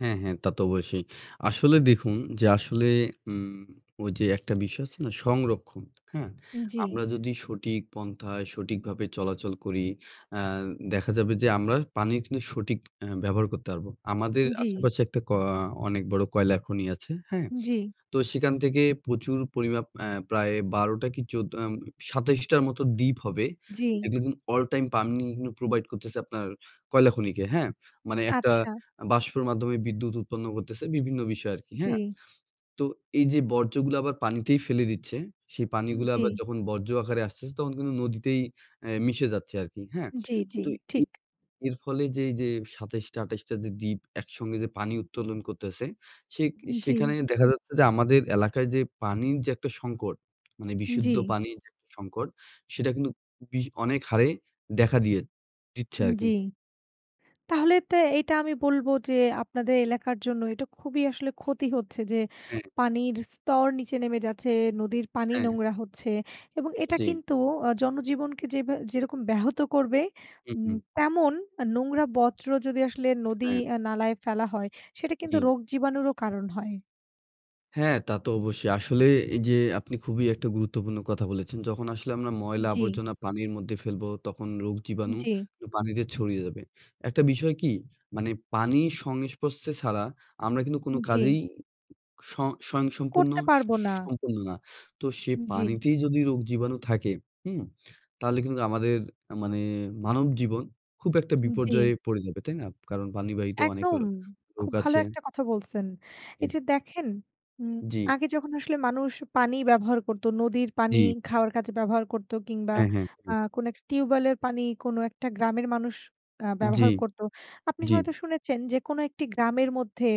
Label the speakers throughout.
Speaker 1: হ্যাঁ, হ্যাঁ তা তো অবশ্যই। আসলে দেখুন যে আসলে উম ওইযে একটা বিষয় আছে না সংরক্ষণ, হ্যাঁ?
Speaker 2: জি।
Speaker 1: আমরা যদি সঠিক পন্থায় সঠিকভাবে চলাচল করি। অ্যা দেখা যাবে যে, আমরা পানির কিন্তু সঠিক আ ব্যবহার করতে পারবো। আমাদের
Speaker 2: জি।
Speaker 1: আশেপাশে একটা ক আ অনেক বড় কয়লার খনি আছে। হ্যাঁ?
Speaker 2: জি।
Speaker 1: তো সেখান থেকে প্রচুর পরিমাপ অ্যা প্রায় ১২ টা কি ১৪ আম ২৭ টার মত দ্বীপ হবে।
Speaker 2: জি।
Speaker 1: যেদিন all time পানি কিন্তু provide করতেছে আপনার কয়লা খনিকে। হ্যাঁ? মানে একটা
Speaker 2: আচ্ছা।
Speaker 1: বাষ্পের মাধ্যমে বিদ্যুৎ উৎপন্ন করতেছে বিভিন্ন বিষয় আরকি। হ্যাঁ?
Speaker 2: জি।
Speaker 1: তো এইযে বর্জ্যগুলা আবার পানিতেই ফেলে দিচ্ছে, সেই পানিগুলা আবার
Speaker 2: জি।
Speaker 1: যখন বর্জ্য আকারে আসতেছে তখন কিন্তু নদীতেই অ্যা মিশে যাচ্ছে আরকি। হ্যাঁ?
Speaker 2: জি, জি,
Speaker 1: তো এ
Speaker 2: ঠিক।
Speaker 1: এর ফলে যে এইযে ২৭ টা ২৮ টা যে দ্বীপ একসঙ্গে যে পানি উত্তোলন করতেছে, সেক
Speaker 2: জি।
Speaker 1: সেখানে দেখা যাচ্ছে যে, আমাদের এলাকায় যে পানির যে একটা সংকট মানে বিশুদ্ধ
Speaker 2: জি।
Speaker 1: পানির আরকি সংকট সেটা কিন্তু বিশ অনেক হারে দেখা দিয়ে দিচ্ছে
Speaker 2: জি।
Speaker 1: আরকি।
Speaker 2: তাহলে তো এইটা আমি বলবো যে আপনাদের এলাকার জন্য এটা খুবই আসলে ক্ষতি হচ্ছে যে
Speaker 1: হ্যাঁ।
Speaker 2: পানির স্তর নিচে নেমে যাচ্ছে, নদীর পানি
Speaker 1: হ্যাঁ।
Speaker 2: নোংরা হচ্ছে এবং এটা
Speaker 1: জি।
Speaker 2: কিন্তু অ জনজীবনকে যেবা যেরকম ব্যাহত করবে,
Speaker 1: হু,
Speaker 2: উম
Speaker 1: হু।
Speaker 2: তেমন নোংরা বর্জ্য যদি আসলে নদী
Speaker 1: হ্যাঁ।
Speaker 2: আ নালায় ফেলা হয়, সেটা কিন্তু
Speaker 1: জি।
Speaker 2: রোগ জীবাণুরও কারণ হয়।
Speaker 1: হ্যাঁ তা তো অবশ্যই। আসলে এইযে আপনি খুবই একটা গুরুত্বপূর্ণ কথা বলেছেন। যখন আসলে আমরা ময়লা
Speaker 2: জি।
Speaker 1: আবর্জনা পানির মধ্যে ফেলবো তখন রোগ জীবাণু
Speaker 2: জি।
Speaker 1: পানিতে ছড়িয়ে যাবে। একটা বিষয় কি? মানে পানির সংস্পর্শে ছাড়া আমরা কিন্তু কোন
Speaker 2: জি।
Speaker 1: কাজেই সং স্বয়ংসম্পূর্ণ
Speaker 2: করতে
Speaker 1: স
Speaker 2: পারবো না।
Speaker 1: সম্পূর্ণ না। তো সে
Speaker 2: জি।
Speaker 1: পানিতেই যদি রোগ জীবাণু থাকে, হুম? তাহলে কিন্তু আমাদের মানে মানব জীবন খুব একটা
Speaker 2: জি।
Speaker 1: বিপর্যয়ে পড়ে যাবে। তাই না? কারণ পানি বাহিত অনেক র
Speaker 2: একদম।
Speaker 1: রোগ
Speaker 2: খুব ভালো
Speaker 1: আছে।
Speaker 2: একটা কথা বলছেন।
Speaker 1: জি।
Speaker 2: এইযে দেখেন উম
Speaker 1: জি।
Speaker 2: আগে যখন আসলে মানুষ পানি ব্যবহার করতো নদীর পানি
Speaker 1: জি।
Speaker 2: খাওয়ার কাজে ব্যবহার করতো কিংবা
Speaker 1: হ্যাঁ, হ্যাঁ,
Speaker 2: আ
Speaker 1: হ্যাঁ।
Speaker 2: কোন একটা টিউবওয়েলের পানি কোনো একটা গ্রামের মানুষ আ
Speaker 1: জি।
Speaker 2: ব্যবহার করতো। আপনি
Speaker 1: জি।
Speaker 2: হয়তো শুনেছেন যে কোনো একটি গ্রামের মধ্যে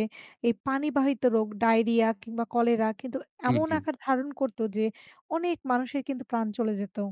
Speaker 2: এই পানি বাহিত রোগ ডায়রিয়া কিংবা কলেরা কিন্তু
Speaker 1: হুম,
Speaker 2: এমন
Speaker 1: হুম।
Speaker 2: আকার ধারণ করতো যে অনেক মানুষের কিন্তু প্রাণ চলে যেত।